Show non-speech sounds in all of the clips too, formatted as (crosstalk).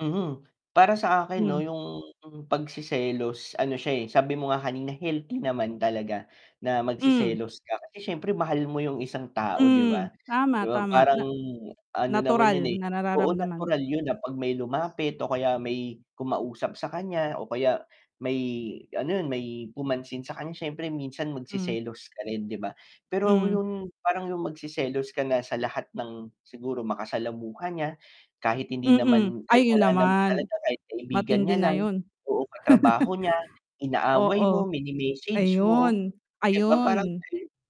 Mhm, para sa akin 'no Hmm. yung pagseselos ano siya, eh, sabi mo nga kanina healthy naman talaga, na Hmm. magseselos ka kasi siyempre mahal mo yung isang tao 'di Hmm, ba, tama, 'di ba tama parang na ano naman natural yun, eh na oo, nararamdaman. natural yun na 'pag may lumapit o kaya may kumausap sa kanya o kaya, may ano yun may pumansin sa kanya siyempre minsan Hmm. magseselos ka rin, 'di ba? Pero Hmm. yung parang yung magseselos ka na sa lahat ng siguro makasalamuha niya, kahit hindi Mm, naman ay kahit yun wala naman naman, talaga kahit kaibigan matindi niya na lang, yun. o katrabaho niya, (chuckles) inaaway Oo, mo, mini-message mo, ayun, 'di ba parang ayun.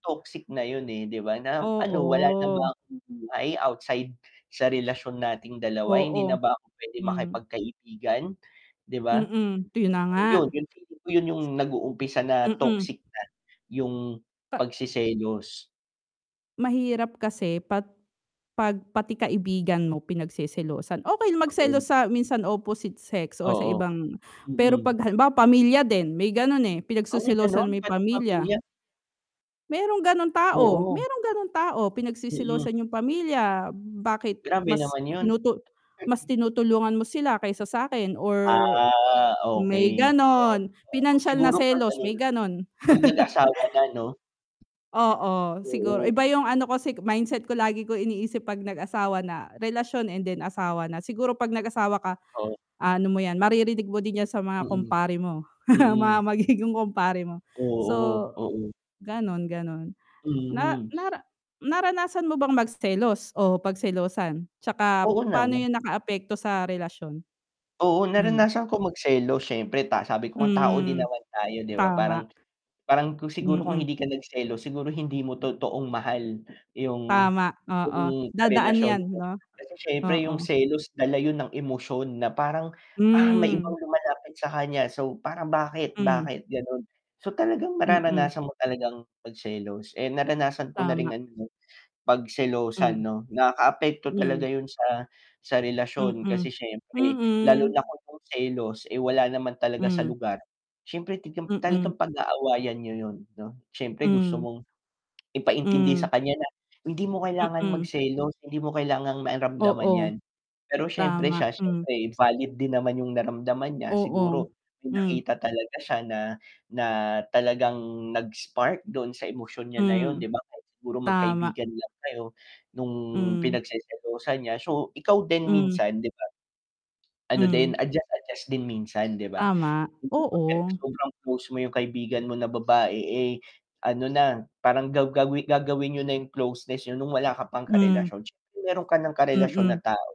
toxic na yun, eh, 'di ba na ano wala na ba Oo. akong buhay outside sa relasyon nating dalawa, hindi Oo, na ba ako puwedeng hmm. makipagkaibigan, 'di ba? Mm, yun na nga. So yun, yung feeling ko yun yung nag-uumpisa na Mm. toxic na yung Pa pagseselos. Mahirap kasi pat 'pag pati kaibigan mo pinagseselosan, okey Oo. magselos sa minsan opposite sex or sa Oo, ibang pero mm. 'pag halimbawa pamilya din, may ganun, eh, Ay gano'n, pinagseselosan mo yung pati pamilya pamilya? merong gano'ng tao, Oo. merong gano'ng tao, Mm. pinagseselosan yung pamilya, bakit Grabe mas naman yun. tinutu mas tinutulungan mo sila kaysa sa'kin or Ah, may okey, oo, gano'n, pinansiyal na siguro 'pag selos, ano may na ganon. 'pag nag-asawa (laughs) na 'no? Oo. Siguro Oo. iba 'yong ano ko si mindset ko lagi ko iniisip 'pag nag-asawa na, relasyon and then, asawa na siguro 'pag nag-asawa ka, Oo. ah, ano mo 'yan maririnig mo din yan sa mga Mm, kumpare mo, (chuckles) mga mm. magiging kumpare mo. Oo, So oo. gano'n, gano'n. Na Mhm. nara naranasan mo bang magselos o pagselosan, 'tsaka Oo paano naman. 'yon nakaapekto sa relasyon? Oo, Hmm. naranasan ko magselos siyempre ta sabi ko nga tao din Hmm, naman tayo, 'di ba tama. parang parang kung siguro kung Mm. hindi ka nagselos siguro hindi mo totoong mahal yung Tama, oo, yung dadaan karelasyon yan mo, 'no? kasi siyempre yung Oo. selos dala yun ng emosyon na parang, "Ah, may Hmm. ibang lumalapit sa kanya so parang bakit, Hmm. bakit?" Gano'n, so talagang, Mm. mararanasan mo talagang magselos, eh, naranasan ko na Tama. rin ano, eh, pagselosan Hmm. 'no, nakaapekto talaga Hmm. yun sa sa relasyon kasi Mm, siyempre lalo na mhm. kung yung selos eh, wala naman talaga sa Hmm. lugar, siyempre tigam Mm. talagang pag-aawayan niyo yun 'no, siyempre gusto Hmm. mong (smacks lips) ipaintindi Hmm. sa kanya na, "Hindi mo kailangan mag Mm. selos, hindi mo kailangang maramdaman Oo. yan." Pero siyempre Tama, siya hmm. siyempre valid din naman yung naramdaman niya siguro Oo, may hmm. nakita talaga siya na na talagang nag-spark dun sa emosyon niya na yun Hmm. 'di ba kahit siguro Tama. magkaibigan lang kayo nung Hmm. pinagseselosan niya, so ikaw din Hmm. minsan, 'di ba? Ano din, Hmm. adjust-adjust din minsan 'di ba? Tama, Hindi porket oo. sobrang close mo yung kaibigan mo na babae, eh, ano na parang gaw gawi gagawin niyo na yung closeness niyo nung wala ka pang Hmm. karelasyon, siyempre meron ka ng karelasyon na Mm. tao.